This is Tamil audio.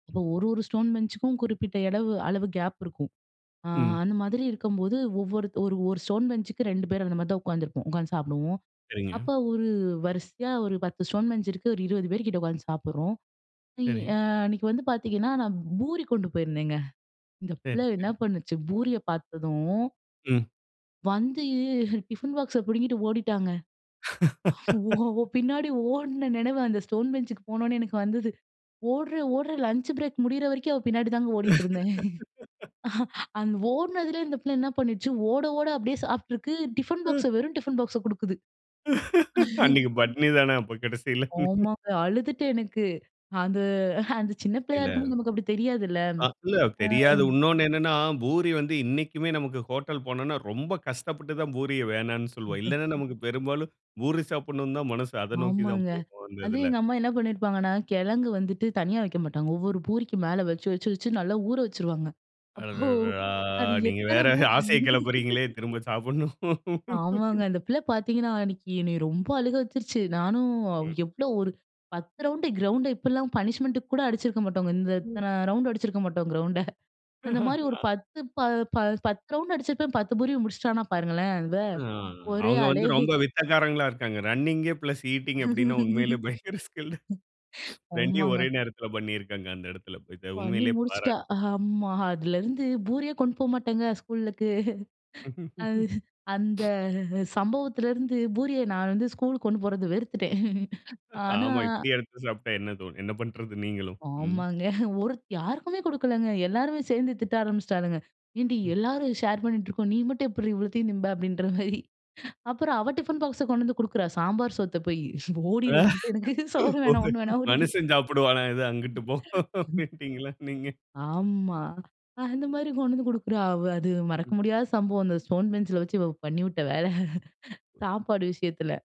அப்போ ஒரு ஒரு ஸ்டோன் பெஞ்சுக்கும் குறிப்பிட்ட எடவு அளவு கேப் இருக்கும். அ ம். அந்த மாதிரி இருக்கும்போது ஒவ்வொரு ஒரு ஒரு ஸ்டோன் பெஞ்சுக்கு 2 பேர் அந்த மாரி தான் உட்காந்துருப்போம், உட்காந்து சாப்பிடுவோம். சரிங்க. அப்போ ஒரு வரிசையா ஒரு 10 ஸ்டோன் பெஞ்ச் இருக்கு, ஒரு 20 பேர் கிட்ட உட்காந்து சாப்பிடுறோம். சரி. ஆ அன்னைக்கு வந்து பாத்தீங்கன்னா, நான் பூரி கொண்டு போயிருந்தேங்க, இந்த சரி, பிள்ளை என்ன சரி. பண்ணுச்சு பூரியை பாத்ததும் ம். வந்து டிஃபின் பாக்ஸ பிடுங்கிட்டு ஓடிட்டாங்க. ஓ! அவ பின்னாடி ஓடின நினைவு அந்த ஸ்டோன் பெஞ்ச்க்கு போனோனே எனக்கு வந்தது. ஓடுறேன், ஓடுறேன் லஞ்ச் பிரேக் முடியிற வரைக்கும், அவ பின்னாடி தாங்க ஓடிட்டு இருந்தேன். அந்த ஓடினதிலே இந்த பிள்ளை என்ன பண்ணுச்சு, ஓட ஓட அப்படியே சாப்பிட்டுருக்கு, டிஃபன் பாக்ஸ்ஸ வெறும் டிஃபின் பாக்ஸ கொடுக்குது. அன்னைக்கு பட்னி தானே அப்ப கடைசில? ஆமாங்க அழுதுட்டேன் எனக்கு, அந்த அந்த சின்ன பிள்ளையா இல்ல. இருக்கும்போது நமக்கு அப்படி தெரியாதுல்ல. ஆ இல்ல ஆ. தெரியாது, இன்னொன்னு என்னனா பூரி வந்து இன்னைக்குமே நமக்கு ஹோட்டல் போனோனா, ரொம்ப கஷ்டப்பட்டு தான் பூரிய வேண்டானு சொல்வோம். இல்லனா நமக்கு பெரும்பாலும் பூரி சாப்பிடனு தான் மனசு அதை நோக்கி தான் ஆமாங்க. போகும் அந்த அதுவும் இதில. எங்க அம்மா என்ன பண்ணியிருப்பாங்கன்னா, கிழங்கு வந்துட்டு தனியா வைக்க மாட்டாங்க, ஒவ்வொரு பூரிக்கு மேல வச்சு, வச்சு, வச்சு நல்லா ஊற வச்சுருவாங்க, அப்போ அடடடா! அது நீங்க எத்தனை வேற பூ ஆசையைக் கிளப்புறீங்களே, திரும்ப சாப்புணும். ஆமாங்க. அந்த பிள்ளை பாத்தீங்கன்னா, அன்னைக்கு என்னை ரொம்ப அழுக வச்சுடுச்சு. நானும் ம். எவ்வளோ ஒரு 10 ரவுண்ட் கிரவுண்ட, இப்பெல்லாம் பனிஷ்மென்ட் கூட அடிச்சிருக்க மாட்டோங்க, இந்த ம். இத்தனை ரவுண்டு அடிச்சிருக்க மாட்டோம் கிரவுண்ட, அந்த மாரி ஒரு 10 ப 10 ரவுண்டு அடிச்சிருப்பேன், 10 பூரியும் முடிச்சுட்டானா பாருங்களேன், அவ ஆ ஒரே அவங்க வந்து ஆளே. ரொம்ப வித்தக்காரங்களா இருக்காங்க. ரன்னிங் பிளஸ் ஈட்டிங் அப்படினா உண்மையிலேயே பயங்கர ஸ்கில், 2 ஒரே ஆமாங்க. நேரத்தில பண்ணியிருக்காங்க அந்த இடத்தில, பண்ணி உண்மையிலேயே முடிச்சிட்டா பாராட்டு. ஆஹமா, அதுலருந்து பூரியே கொண்டு போமாட்டேங்க, ஸ்கூலுக்கு. அந்த சம்பவத்திலிருந்து பூரிய நான் வந்து ஸ்கூலுக்கு கொண்டு போறதே வெறுத்துட்டேன். ஆனா, ஆமா. இப்படி எடுத்து சாப்பிட்டா என்ன தோனும், என்ன பண்ணுறது நீங்களும்? ம். ஆமாங்க. ஒரு யாருக்குமே கொடுக்கலங்க, எல்லாருமே சேர்ந்து திட்ட ஆரம்பிச்சிட்டாளுங்க, "ஏன்டி, ம். எல்லாரும் ஷேர் பண்ணிட்டு இருக்கோம், நீ மட்டும் எப்படி இவ்வளோத்தையும் திம்ப," அப்படின்ற மாரி. அப்புறம் அவ டிஃபின் பாக்ஸ கொண்டு வந்து கொடுக்குறா, சாம்பார் சோத்த போய், "ஓடிரு, எனக்கு சோறு வேணாம், ஒண்ணும் வேணா ஓடிரு." மனுஷன் சாப்பிடுவானா இத, அங்கிட்டு போ அப்பிடின்னுடீங்களா நீங்க. ஆமா. அந்த மாரி கொண்டு வந்து குடுக்குறா அவ அது மறக்க ம். முடியாத சம்பவம் அந்த ஸ்டோன் பெஞ்சில வச்சு இவ பண்ணிவிட்ட வேல, சாப்பாடு விஷயத்தில.